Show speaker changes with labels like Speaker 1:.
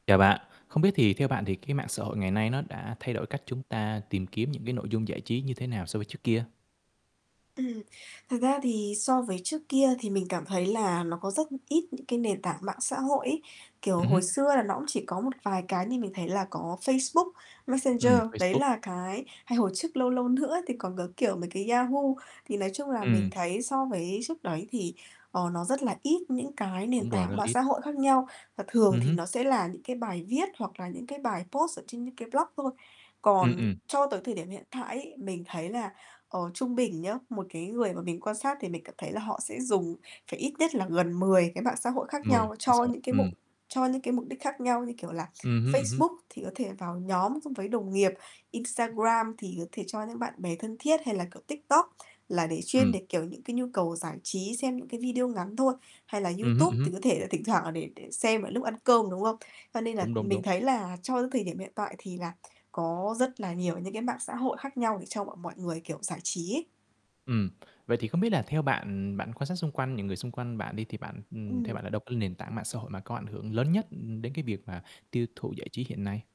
Speaker 1: Chào bạn, không biết thì theo bạn thì cái mạng xã hội ngày nay nó đã thay đổi cách chúng ta tìm kiếm những cái nội dung giải trí như thế nào so với trước kia?
Speaker 2: Ừm, thật ra thì so với trước kia thì mình cảm thấy là nó có rất ít những cái nền tảng mạng xã hội ấy. Kiểu,
Speaker 1: Ừm hứm.
Speaker 2: hồi xưa là nó cũng chỉ có một vài cái như mình thấy là có Facebook, Messenger.
Speaker 1: Ừm,
Speaker 2: Đấy
Speaker 1: Facebook.
Speaker 2: là cái hay hồi trước, lâu lâu nữa thì còn có, kiểu, mấy cái Yahoo. Thì, nói chung là, mình
Speaker 1: Ừm.
Speaker 2: thấy so với trước đấy thì, ờ, nó rất là ít những cái
Speaker 1: Đúng
Speaker 2: nền
Speaker 1: rồi, rất
Speaker 2: tảng
Speaker 1: là
Speaker 2: mạng
Speaker 1: ít.
Speaker 2: xã hội khác nhau và thường
Speaker 1: Ừm
Speaker 2: thì
Speaker 1: hứm.
Speaker 2: nó sẽ là những cái bài viết, hoặc là những cái bài post ở trên những cái blog thôi.
Speaker 1: Ừm,
Speaker 2: Còn
Speaker 1: ừm.
Speaker 2: cho tới thời điểm hiện tại ấy, mình thấy là, ờ, trung bình nhá, một cái người mà mình quan sát thì mình cảm thấy là họ sẽ dùng phải ít nhất là gần mười cái mạng xã hội khác
Speaker 1: 10,
Speaker 2: nhau
Speaker 1: à,
Speaker 2: cho
Speaker 1: sao?
Speaker 2: những cái
Speaker 1: Ừm.
Speaker 2: mục cho những cái mục đích khác nhau. Như, kiểu là,
Speaker 1: Ừm hứm, ừm hứm.
Speaker 2: Facebook thì có thể vào nhóm xong với đồng nghiệp, Instagram thì có thể cho những bạn bè thân thiết hay là, kiểu, TikTok là để chuyên
Speaker 1: Ừm.
Speaker 2: để, kiểu, những cái nhu cầu giải trí, xem những cái video ngắn thôi, hay là
Speaker 1: Ừm hứm, ừm
Speaker 2: YouTube
Speaker 1: hứm.
Speaker 2: thì có thể là thỉnh thoảng là để để xem ở lúc ăn cơm, đúng không? Cho nên là
Speaker 1: Đúng, đúng,
Speaker 2: mình
Speaker 1: đúng.
Speaker 2: thấy là trong cái thời điểm hiện tại thì là có rất là nhiều những cái mạng xã hội khác nhau để cho mọi mọi người, kiểu, giải trí ấy.
Speaker 1: Ừm. Vậy thì không biết là theo bạn, ừm, bạn quan sát xung quanh, những người xung quanh bạn đi, thì bạn, ừm, theo bạn là
Speaker 2: Ừm.
Speaker 1: đâu có nền tảng mạng xã hội mà có ảnh hưởng lớn nhất đến cái việc mà tiêu thụ giải trí hiện nay?